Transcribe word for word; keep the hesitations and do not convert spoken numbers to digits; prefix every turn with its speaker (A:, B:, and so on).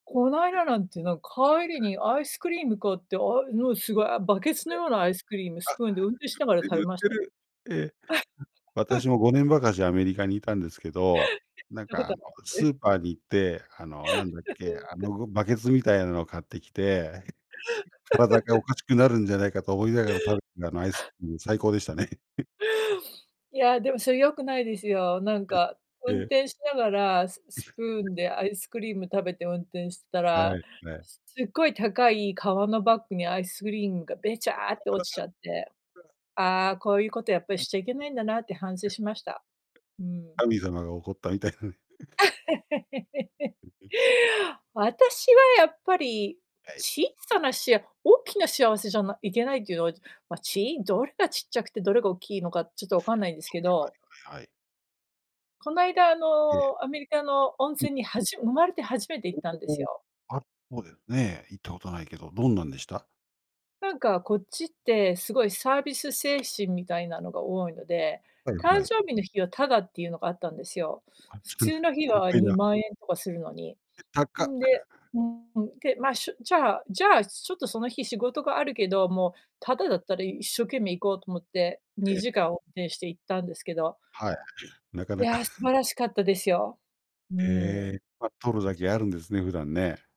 A: こない だなんて、なん、帰り にアイスクリーム買って、あ、うのすごい、あ、バケツの
B: ええ。
A: ようなアイスクリームスプーンで運転しながら食
B: あ、
A: べ
B: 売っ
A: まし
B: て
A: た。
B: る売ってる。ええ。ん、私 もごねんばかしアメリカにいたんですけど、
A: て、
B: なん
A: いうこ
B: か
A: と
B: あの、ス ーパーに行って、あの、なんだっけ、あ のごバケツみたいなのを買ってきて、体がお かしくなるんじゃないかと思いながら、食べたあのアイスクリーム最高でしたね。
A: いや、でもそれよくないですよ。なん
B: え、
A: か、
B: え
A: 運
B: え。
A: 転しながら、スス プーンでアイスクリーム食べて運転してた
B: は
A: ら、
B: いはい。
A: すすごい高い革のバッグにアイスクリームがべちゃって落ちちゃって、「ああ、こういうことやっぱり
B: うん。
A: しちゃいけないんだな」って反省 しました。うーん。
B: 神様が怒ったみたいなね。
A: 私はやっぱり
B: はい。
A: 小さなしあ大きな幸せじゃないけないっていうのは、じま、ちどれがちっちゃくて、どれがおっきいのか、ちょっとわかんないんですけど。
B: はい。
A: こないだあ
B: ええ。
A: の、アメリカの温
B: うん。
A: 泉にはじ生まれて初めて行っ
B: お
A: たんです
B: おお。
A: よ。
B: あるそうですね。行ったことないけど、どんなんでした？
A: なんかこっちってすごいサービス精神みたいなのが多いので、
B: はいは
A: 誕
B: い。
A: 生日の日はタダっていうのがあったんですよ。
B: あっ
A: 普
B: ちのね。
A: 通の日
B: コン
A: は
B: パイ
A: に
B: ラ。
A: まんえんとかするのに。
B: え、たっか。
A: んで、けまあ、しゅじゃあじゃあちょっとその日仕事があるけど、もうタダだったら一生懸命行こうと思って、に
B: ええ。
A: じかん運転して行ったんですけど
B: はい、中
A: い
B: 々。
A: や素 晴らしかったですよ。うー
B: へ
A: ん。
B: え、ま、取るだ
A: ち
B: けあるんですね、普段ね。